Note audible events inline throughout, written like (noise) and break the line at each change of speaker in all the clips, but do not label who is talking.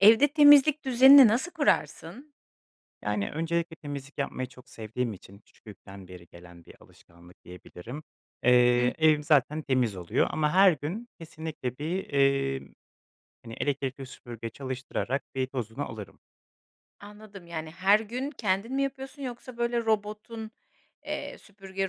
Evde temizlik düzenini nasıl kurarsın?
Yani, öncelikle temizlik yapmayı çok sevdiğim için küçüklükten beri gelen bir alışkanlık diyebilirim.
Hı hı.
Eee, evim zaten temiz oluyor ama her gün kesinlikle bir, emm, hani, elektrikli süpürge çalıştırarak bir tozunu alırım.
Anladım. Yani, her gün kendin mi yapıyorsun yoksa böyle robotun, eee, süpürge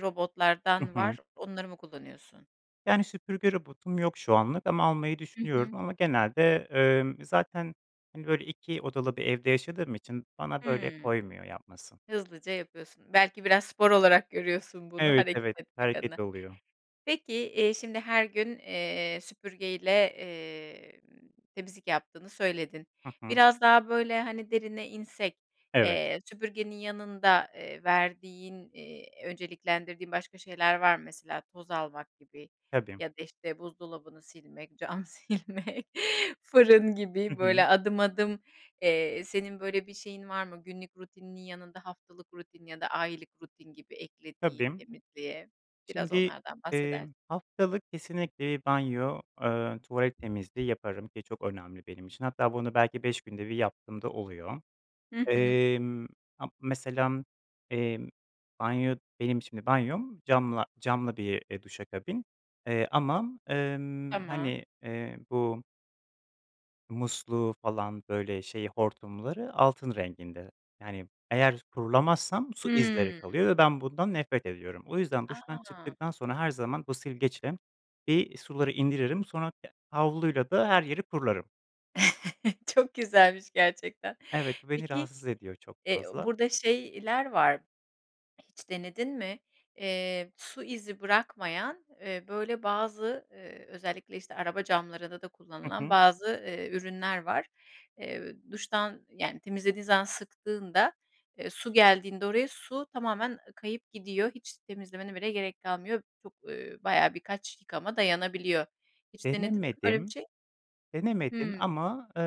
Hı
robotlardan
hı.
var, onları mı kullanıyorsun?
Yani, süpürge robotum yok şu anlık ama almayı
Hı hı.
düşünüyorum ama genelde, ımm, zaten, hani, böyle, 2 odalı bir evde yaşadığım için bana böyle
Hıı.
koymuyor yapması.
Hızlıca yapıyorsun. Belki biraz spor olarak görüyorsun bunu
Evet,
hareket
evet.
etmek
Hareket
adına.
oluyor.
Peki, eee, şimdi her gün, eee, süpürgeyle, emm, temizlik yaptığını söyledin.
Hı hı.
Biraz daha böyle, hani, derine insek,
Evet.
eee, süpürgenin yanında, eee, verdiğin, eee, önceliklendirdiğin başka şeyler var mı? Mesela, toz almak gibi
Tabii.
ya da, işte, buzdolabını silmek, cam silmek, fırın
Hı
gibi böyle
hı.
adım, adım, eee, senin böyle bir şeyin var mı, günlük rutininin yanında haftalık rutin ya da aylık rutin gibi eklediğin
Tabii.
temizliğe? Biraz
Şimdi,
onlardan
eee,
bahseder
haftalık kesinlikle banyo, eee, tuvalet temizliği yaparım ki çok önemli benim için. Hatta bunu belki 5 günde 1 yaptığım da oluyor.
Hı hı.
Emm, a mesela, emm, banyo benim şimdi banyom camla camlı bir, eee, duş kabini ama, ımm,
Tamam.
hani, eee, bu musluğu falan, böyle, şeyi, hortumları altın renginde. Yani, eğer kurulamazsam su izleri
Hıı.
kalıyor ve ben, bundan nefret ediyorum. O yüzden duştan
A!
çıktıktan sonra her zaman bu silgeçle bir suları indiririm, sonra ya havluyla da her yeri kurularım.
(chuckles) Çok güzelmiş gerçekten.
Evet, bu beni
Peki
rahatsız ediyor çok
eee,
fazla.
burada şeyler var. (swallows) Hiç denedin mi? Eee, su izi bırakmayan, eee, böyle, bazı, eee, özellikle, işte, araba camlarında da
Hı
kullanılan
hı.
bazı, eee, ürünler var. Eee, duştan, yani, temizlediğin zaman sıktığında, eee, su geldiğinde oraya, su tamamen kayıp gidiyor. Hiç temizlemene bile gerek kalmıyor. Çok, ııı, bayağı birkaç yıkama dayanabiliyor. Hiç denedin mi böyle bir
Denemedim,
şey?
denemedim
Hıı.
ama, eee,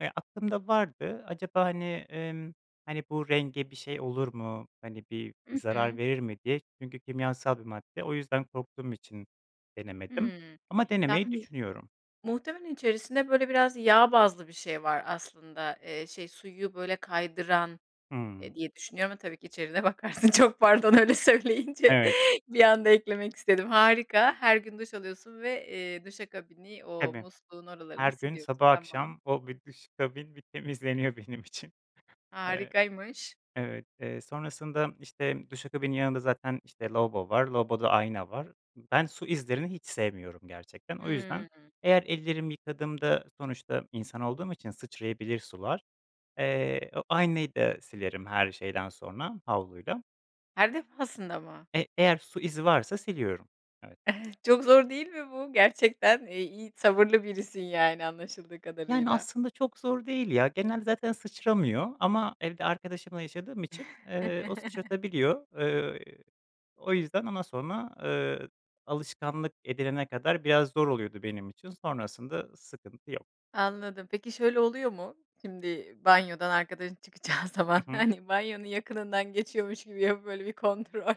ya, aklımda vardı. "Acaba, hani, ımm, hani, bu renge bir şey olur mu, hani, bir
I
zarar
hı.
verir mi?" diye. Çünkü kimyasal bir madde. O yüzden korktuğum için denemedim
Hıı,
ama denemeyi
yani,
düşünüyorum.
muhtemelen içerisinde, böyle, biraz yağ bazlı bir şey var aslında. Eee, şey, suyu, böyle, kaydıran,
Hıı.
eee, diye düşünüyorum ama tabii ki içeriğine bakarsın. Çok pardon, öyle söyleyince
Evet.
bir anda eklemek istedim. Harika, her gün duş alıyorsun ve, eee, duşa kabini, o
Tabii.
musluğun oralarını
Her gün
siliyorsun,
sabah
tamam.
akşam o bir duşa kabin bir temizleniyor benim için. Eee,
Harikaymış.
evet. Eee, sonrasında, işte, duşa kabinın yanında zaten, işte, lavabo var, lavaboda da ayna var. Ben su izlerini hiç sevmiyorum gerçekten. O yüzden
Hıı.
eğer ellerimi yıkadığımda, sonuçta insan olduğum için sıçrayabilir sular, eee, o aynayı da silerim her şeyden sonra havluyla.
Her defasında mı?
Eee, eğer su izi varsa siliyorum. Evet.
(unintelligible) Çok zor değil mi bu? Gerçekten i iyi sabırlı birisin yani anlaşıldığı
Yani,
kadarıyla.
aslında çok zor değil, ya, genelde zaten sıçramıyor ama evde arkadaşımla yaşadığım için, eee, o
(chuckles)
sıçratabiliyor. Eee, o yüzden ama sonra, eee, alışkanlık edilene kadar biraz zor oluyordu benim için, sonrasında, ııı, sıkıntı yok.
Anladım. Peki şöyle oluyor mu? Şimdi banyodan arkadaşın çıkacağı zaman,
Hı hı.
hani, banyonun yakınından geçiyormuş gibi yapıp böyle bir kontrol,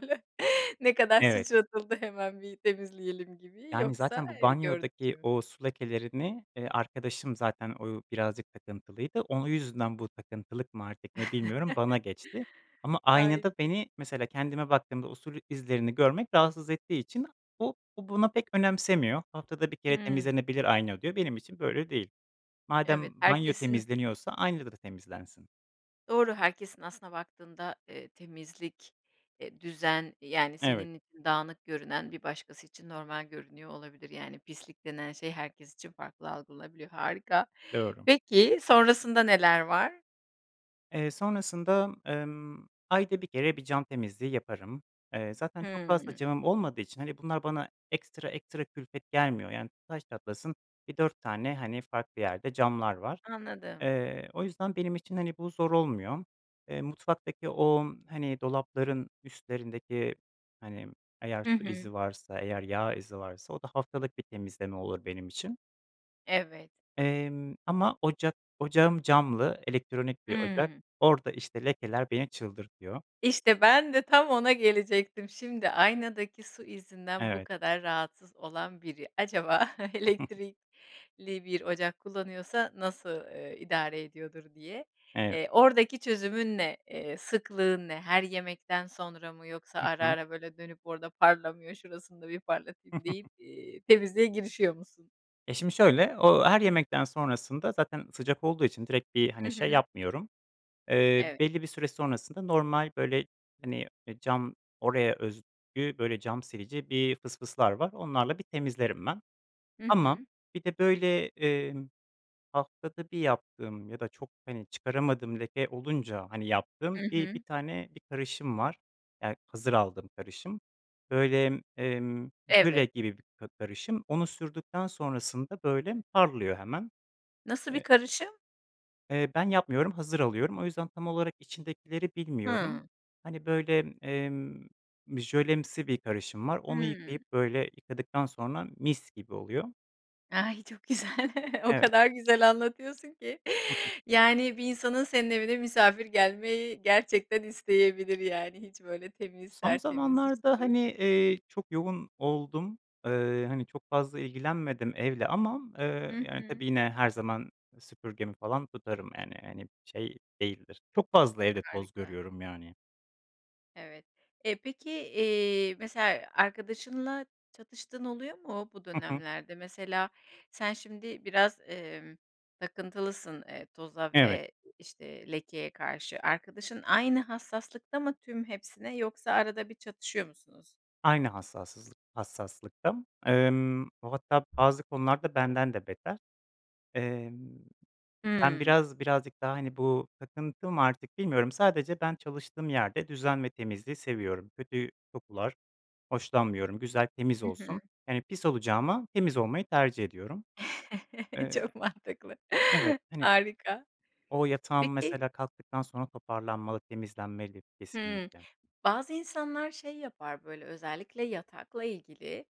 ne kadar
Evet.
sıçratıldı hemen bir temizleyelim gibi
Yani,
yoksa,
zaten bu
eee, gördü
banyodaki
(unintelligible)
o su lekelerini, eee, arkadaşım zaten o birazcık takıntılıydı, onun yüzünden bu takıntılık mı artık ne bilmiyorum, bana
(chuckles)
geçti. Ama
Ay,
aynada beni mesela kendime baktığımda o sul izlerini görmek rahatsız ettiği için o o buna pek önemsemiyor. Haftada 1 kere
Hıı.
temizlenebilir ayna diyor benim için böyle değil.
Evet,
Madem banyo
herkesin
temizleniyorsa ayna da temizlensin.
Doğru, herkesin aslına baktığında, eee, temizlik, eee düzen, yani,
Evet.
senin için dağınık görünen bir başkası için normal görünüyor olabilir. Yani pislik denen şey herkes için farklı algılanabiliyor, harika.
Doğru.
Peki, sonrasında neler var?
Eee, sonrasında, ımm, ayda 1 kere bir cam temizliği yaparım. Eee, zaten çok fazla
Hımm.
camım olmadığı için, hani, bunlar bana ekstra ekstra külfet gelmiyor, yani, taş çatlasın bir 4 tane, hani, farklı yerde camlar var.
Anladım.
Eee, o yüzden benim için, hani, bu zor olmuyor. Eee, mutfaktaki o, hani, dolapların üstlerindeki, hani, eğer
Hı
su
hı.
izi varsa, eğer yağ izi varsa, o da haftalık bir temizleme olur benim için.
Evet.
Emm ama ocak ocağım camlı, elektronik bir ocak,
Hımm.
orada işte lekeler beni çıldırtıyor.
İşte ben de tam ona gelecektim. Şimdi, aynadaki su izinden bu
Evet.
kadar rahatsız olan biri acaba
(chuckles)
elektrikli bir ocak kullanıyorsa nasıl, eee, idare ediyordur diye.
Evet.
Eee, oradaki çözümün ne? Eee, sıklığın ne? Her yemekten sonra mı yoksa
Hı
ara
hı.
ara böyle, dönüp orada parlamıyor şurasını da bir parlatayım deyip,
(chuckles)
eee, temizliğe girişiyor musun?
E, şimdi şöyle, o her yemekten sonrasında zaten sıcak olduğu için direkt bir,
Hı
hani, şey
hı.
yapmıyorum. Eee,
Evet.
belli bir süre sonrasında normal, böyle, hani, e cam oraya özgü, böyle, cam silici bir fısfıslar var onlarla bir temizlerim ben.
Hı
Ama
hı.
bir de, böyle, emm, haftada 1 yaptığım ya da çok, hani, çıkaramadığım leke olunca, hani, yaptığım
I
bir 1
hı.
tane bir karışım var. Ya, hazır aldığım karışım. Böyle, emm, jöle
Evet.
gibi bir ka karışım. Onu sürdükten sonrasında, böyle, parlıyor hemen.
Nasıl bir
Eee
karışım?
Eee, ben yapmıyorum, hazır alıyorum, o yüzden tam olarak içindekileri bilmiyorum.
Hıı.
Hani, böyle, emm, bir jölemsi bir karışım var, onu yıkayıp
Hıı.
böyle yıkadıktan sonra mis gibi oluyor.
Ay, çok güzel! (chuckles) o
Evet.
kadar güzel anlatıyorsun ki,
(chuckles)
yani, bir insanın senin evine misafir gelmeyi gerçekten isteyebilir yani. Hiç böyle temiz
Son
tertemiz, işte,
zamanlarda,
duş.
hani, eee, çok yoğun oldum. Eee, hani, çok fazla ilgilenmedim evle ama, eee,
Hı
yani,
hı.
tabii yine her zaman süpürgemi falan tutarım yani, hani, şey değildir, çok fazla evde toz
Harika.
görüyorum yani.
Evet. E, peki, eee, mesela, arkadaşınla çatıştığın oluyor mu bu
Hı hı.
dönemlerde? Mesela, sen şimdi biraz, emm, takıntılısın, eee, toza
Evet.
ve işte lekeye karşı. Arkadaşın aynı hassaslıkta mı tüm hepsine yoksa arada bir çatışıyor musunuz?
Aynı hassasızlık hassaslıkta, emm, o, hatta bazı konularda benden de beter. Emm, ben
Hıı.
biraz birazcık daha, hani, bu takıntı mı artık bilmiyorum, sadece ben çalıştığım yerde düzen ve temizliği seviyorum. Kötü kokular hoşlanmıyorum, güzel, temiz
Hı hı.
olsun. Yani, pis olacağıma temiz olmayı tercih ediyorum.
(chuckles)
Eee
Çok mantıklı.
Evet, hani,
Harika.
o yatağım
Peki
mesela kalktıktan sonra toparlanmalı, temizlenmeli
Hımm.
kesinlikle.
Bazı insanlar şey yapar böyle, özellikle yatakla ilgili,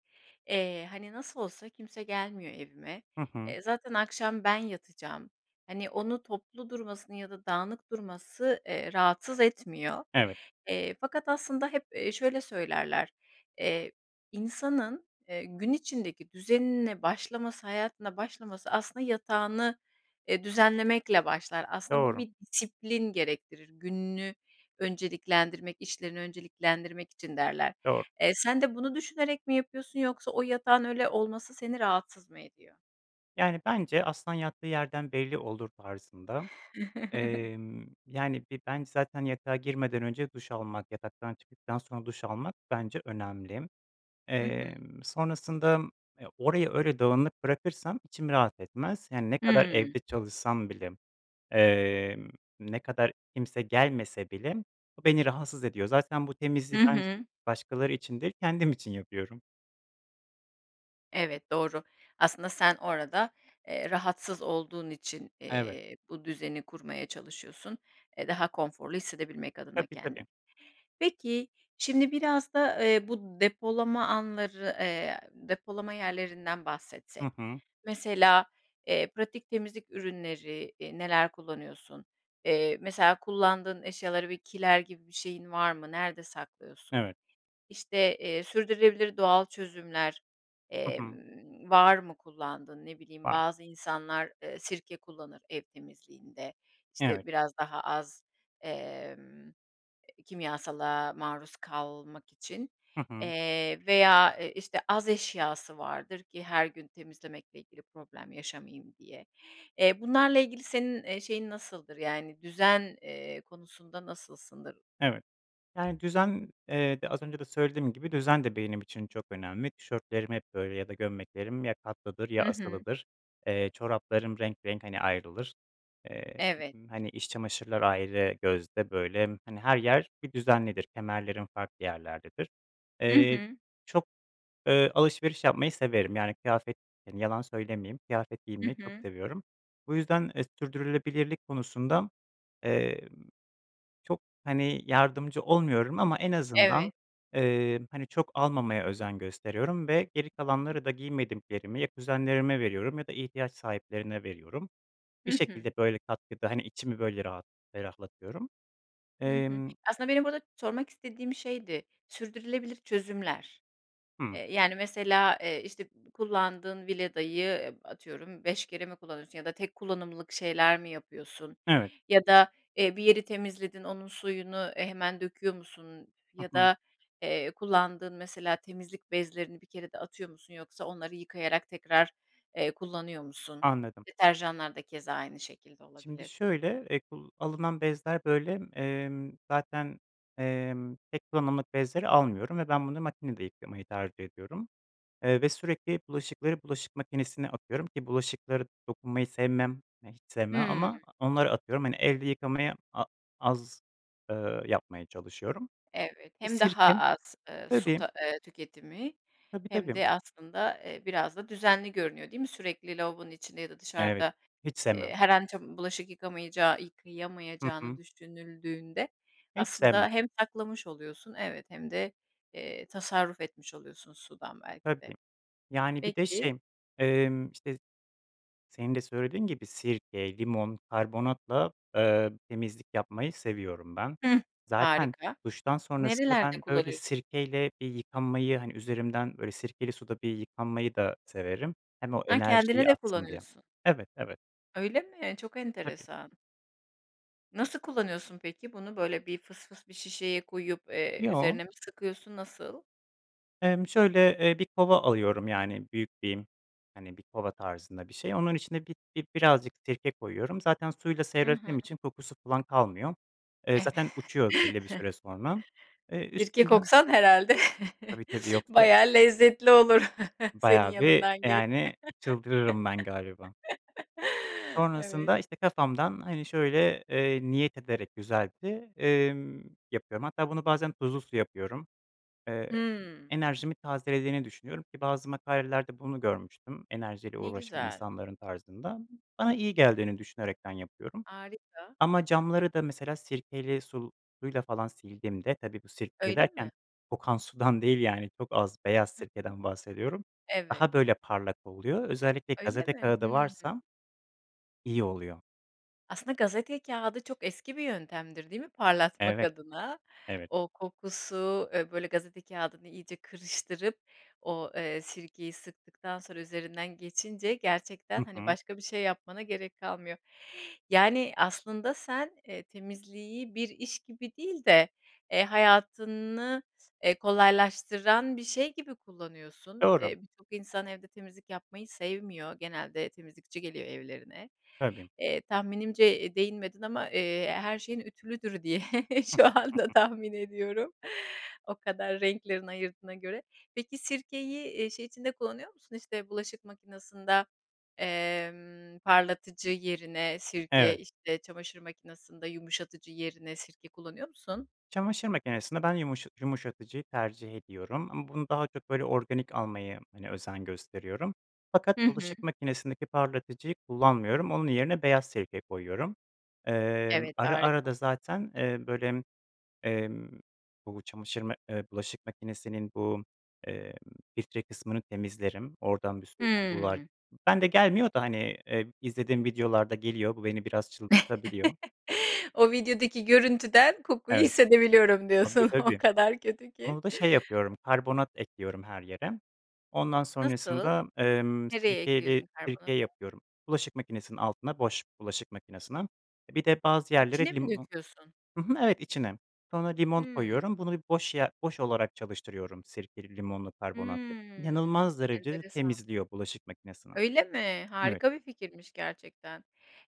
eee, hani, nasıl olsa kimse gelmiyor evime,
Hı hı.
eee, zaten akşam ben yatacağım, hani, onun toplu durmasını ya da dağınık durması, eee, rahatsız etmiyor.
Evet.
Eee, fakat aslında hep, eee, şöyle söylerler, eee, insanın, eee, gün içindeki düzenine başlaması, hayatına başlaması aslında yatağını e, düzenlemekle başlar. Aslında, bu
Doğru.
bir disiplin gerektirir. Gününü önceliklendirmek, işlerini önceliklendirmek için derler.
Doğru.
Eee, sen de bunu düşünerek mi yapıyorsun yoksa o yatağın öyle olması seni rahatsız mı ediyor?
Yani bence "Aslan yattığı yerden belli olur." tarzında, emm,
(chuckles)
yani, bir ben zaten yatağa girmeden önce duş almak, yataktan çıktıktan sonra duş almak bence önemli.
Hı hı.
Eee, sonrasında, eee, orayı öyle dağınık bırakırsam içim rahat etmez, yani ne kadar
Hıı.
evde çalışsam bile, eee, ne kadar kimse gelmese bile bu beni rahatsız ediyor. Zaten bu
Hı
temizliği ben s
hı.
başkaları için değil, kendim için yapıyorum.
Evet, doğru. Aslında sen orada, eee, rahatsız olduğun için,
Evet.
eee, bu düzeni kurmaya çalışıyorsun. Eee, daha konforlu hissedebilmek adına
Tabii tabii.
kendini. Peki, şimdi biraz da, ııı, bu depolama anları, eee, depolama yerlerinden
Hı
bahsetsek.
hı.
Mesela, ııı, pratik temizlik ürünleri, ııı, neler kullanıyorsun? Iıı, mesela kullandığın eşyaları bir kiler gibi bir şeyin var mı? Nerede saklıyorsun?
Evet.
İşte, eee, sürdürülebilir doğal çözümler,
Hı
eee,
hı.
var mı kullandığın? Ne bileyim,
(unintelligible)
bazı insanlar, ııı, sirke kullanır ev temizliğinde. İşte
Evet.
biraz daha az, emm, eee, kimyasala maruz kalmak için,
Hı hı.
eee, veya, iii, işte az eşyası vardır ki her gün temizlemekle ilgili problem yaşamayayım diye. Eee, bunlarla ilgili senin, eee, şeyin nasıldır, yani düzen, eee, konusunda nasılsındır?
Evet. Yani düzen, eee, de az önce de söylediğim gibi düzen de benim için çok önemli. Tişörtlerim hep böyle ya da gömleklerim ya katlıdır,
Hı
ya
hı.
asılıdır. Eee, çoraplarım renk renk hani ayrılır, eee,
Evet.
hani iç çamaşırlar ayrı gözde böyle, hani her yer bir düzenlidir, kemerlerim farklı yerlerdedir.
Hı
Eee,
hı.
çok, ııı, alışveriş yapmayı severim, yani kıyafet, yani yalan söylemeyeyim, kıyafet
Hı
giymeyi çok
hı.
seviyorum. Bu yüzden, eee, sürdürülebilirlik konusunda, ııı, çok hani, yardımcı olmuyorum ama en azından,
Evet.
ııı, hani çok almamaya özen gösteriyorum ve geri
(unintelligible)
kalanları da giymediklerimi ya kuzenlerime veriyorum ya da ihtiyaç sahiplerine veriyorum.
Hı
Bir
hı.
şekilde böyle katkıda, hani içimi böyle rahat ferahlatıyorum.
Hı hı.
Emm
Aslında benim burada sormak istediğim şeydi. Sürdürülebilir çözümler.
Hı.
Eee, yani mesela, ııı, işte b kullandığın Vileda'yı ıp atıyorum 5 kere mi kullanıyorsun ya da tek kullanımlık şeyler mi yapıyorsun
Evet.
ya da, ııı, bir yeri temizledin onun suyunu, ııı, hemen döküyor musun
Hı
ya
hı.
da, eee, kullandığın mesela temizlik bezlerini bir kerede atıyor musun yoksa onları yıkayarak tekrar, eee, kullanıyor musun?
Anladım.
Deterjanlar da keza aynı şekilde
Şimdi
olabilir.
şöyle, eee, kul alınan bezler böyle, emm, zaten, emm, tek kullanımlık bezleri almıyorum ve ben bunu makinede yıkamayı tercih ediyorum, eee, ve sürekli bulaşıkları bulaşık makinesine atıyorum ki bulaşıklara dokunmayı sevmem, eee, hiç sevmem
Hıı.
ama onları atıyorum hani elde yıkamayı a az, ııı, yapmaya çalışıyorum.
Evet, hem daha
(unintelligible)
az, ııı, su
Tabii.
ta ııı, su tüketimi
Tabii,
hem
tabii.
de aslında, ııı, biraz da düzenli görünüyor, değil mi? Sürekli lavabonun içinde ya da
Evet.
dışarıda,
Hiç
ııı,
sevmem.
her an ça bulaşık yıkamıycağı
Hı
yıkayamayacağını
hı.
düşünüldüğünde
Hiç sevmem.
aslında hem saklamış oluyorsun evet hem de, eee, tasarruf etmiş oluyorsun sudan belki
Tabii,
de.
yani bir de
Peki.
şey, emm, işte senin de söylediğin gibi sirke, limon, karbonatla, ııı, temizlik yapmayı seviyorum ben.
Hıh,
Zaten
harika.
duştan sonrasında
Nerelerde
ben öyle
kullanıyorsun?
sirkeyle bir yıkanmayı, hani üzerimden böyle sirkeli suda yıkanmayı da severim, hem o
Ha, kendine
enerjiyi
de
atsın diye.
kullanıyorsun.
Evet, evet.
Öyle mi? Çok
Tabii.
enteresan. Nasıl kullanıyorsun peki? Bunu böyle bir fısfıs bir şişeye koyup, eee,
Yo.
üzerine mi sıkıyorsun, nasıl?
Emm şöyle, ııı, bir kova alıyorum, yani büyük bir, hani bir kova tarzında bir şey. Onun içine bi bir birazcık sirke koyuyorum. Zaten suyla
Hı hı.
seyrettiğim için kokusu falan kalmıyor. Eee, zaten uçuyor belli bir
(chuckles)
süre sonra. Eee,
Sirke
üstünden
koksan herhâlde
Tabii, tabii
(chuckles)
yoksa
bayağı lezzetli olur (chuckles) senin
bayağı bir,
yanından geç
yani, çıldırırım ben galiba.
(chuckles) Evet.
Sonrasında işte kafamdan hani şöyle, ııı, niyet ederek güzelce, emm, yapıyorum. Hatta bunu bazen tuzlu su yapıyorum. Eee,
Hıı.
enerjimi tazelediğini düşünüyorum ki bazı makalelerde bunu görmüştüm, enerjiyle
Ne
uğraşan
güzel.
insanların tarzında. Bana iyi geldiğini düşünerekten yapıyorum
Harika.
ama camları da mesela sirkeli sul suyla falan sildiğimde, tabii bu sirkeyle
Öyle mi?
derken, kokan sudan değil yani çok az beyaz
Hı hı.
sirkeden bahsediyorum,
Evet.
daha böyle parlak oluyor. Özellikle
Öyle
gazete
mi?
kâğıdı
Hıı.
varsa iyi oluyor.
Aslında gazete kâğıdı çok eski bir yöntemdir değil mi parlatmak
Evet,
adına?
evet.
O kokusu, eee, böyle gazete kâğıdını iyice kırıştırıp o, eee, sirkeyi sıktıktan sonra üzerinden geçince gerçekten,
Hı
hani,
hı.
başka bir şey yapmana gerek kalmıyor. Yani, aslında sen, eee, temizliği bir iş gibi değil de, eee, hayatını eee, kolaylaştıran bir şey gibi kullanıyorsun.
Doğru.
Eee, birçok insan evde temizlik yapmayı sevmiyor genelde temizlikçi geliyor evlerine.
Tabii.
Eee, tahminimce değinmedin ama, eee, her şeyin ütülüdür diye şu anda
(chuckles)
tahmin ediyorum. O kadar renklerini ayırdığına göre. Peki, sirkeyi, eee, şey içinde kullanıyor musun işte bulaşık makinesinde, emm, parlatıcı yerine sirke,
Evet.
işte, çamaşır makinesinde yumuşatıcı yerine sirke kullanıyor musun?
Çamaşır makinesinde ben yumuşa yumuşatıcıyı tercih ediyorum ama bunu daha çok böyle organik almaya, hani, özen gösteriyorum. Fakat
Hı hı.
bulaşık makinesindeki parlatıcıyı kullanmıyorum, onun yerine beyaz sirke koyuyorum. Emm,
Evet,
ara ara
harika.
da zaten, eee, böyle, emm, bu çamaşır mak ııı, bulaşık makinesinin bu, eee, filtre kısmını temizlerim, oradan bir sürü kokular.
Hıı.
Bende gelmiyor da, hani, ııı, izlediğim videolarda geliyor, bu beni biraz çıldırtabiliyor.
(chuckles) O videodaki görüntüden kokuyu
Evet,
hissedebiliyorum
tabi,
diyorsun o
tabii.
kadar kötü ki.
Onu da şey yapıyorum, karbonat ekliyorum her yere. Ondan
Nasıl?
sonrasında, emm,
Nereye
sirkeyle
ekliyorsun
sirke
karbonatı?
yapıyorum. Bulaşık makinesinin altına boş bulaşık makinesine, e, bir de bazı yerlere
İçine mi
limo
döküyorsun?
Hı hı, evet, içine. Sonra limon
Hımm.
koyuyorum, bunu boş ye boş olarak çalıştırıyorum sirkeli, limonlu, karbonatlı.
Hımm,
İnanılmaz derecede
enteresan.
temizliyor bulaşık makinesini.
Öyle mi,
Evet.
harika bir fikirmiş gerçekten.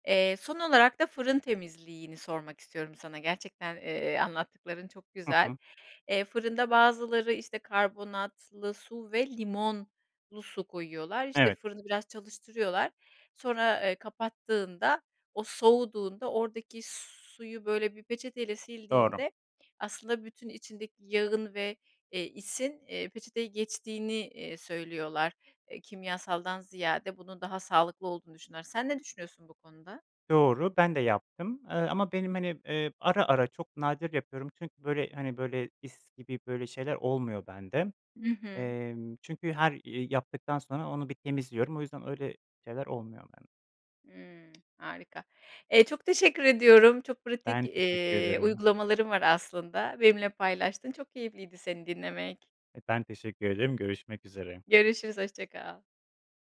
Eee, son olarak da fırın temizliğini sormak istiyorum sana gerçekten, eee, anlattıkların çok
Hı
güzel.
hı.
Eee, fırında bazıları, işte, karbonatlı su ve limonlu su koyuyorlar. İşte
Evet.
fırını biraz çalıştırıyorlar. Sonra, eee, kapattığında o soğuduğunda oradaki suyu böyle bir peçeteyle
Doğru.
sildiğinde aslında bütün içindeki yağın ve, eee, isin, eee, peçeteye geçtiğini, eee, söylüyorlar. Kimyasaldan ziyade bunun daha sağlıklı olduğunu düşünüyorlar. Sen ne düşünüyorsun bu konuda?
Doğru, ben de yaptım, ııı, ama benim, hani, ııı, ara ara çok nadir yapıyorum çünkü böyle, hani, böyle, is gibi böyle şeyler olmuyor bende.
Hı hı.
Emm, çünkü her i yaptıktan sonra onu bir temizliyorum o yüzden öyle şeyler olmuyor bende.
Hımm, harika. Eee, çok teşekkür ediyorum çok pratik,
Ben teşekkür
eee,
ederim.
uygulamaların var aslında. Benimle paylaştın, çok keyifliydi seni dinlemek.
E, ben teşekkür ederim. görüşmek üzere.
Görüşürüz hoşça kal.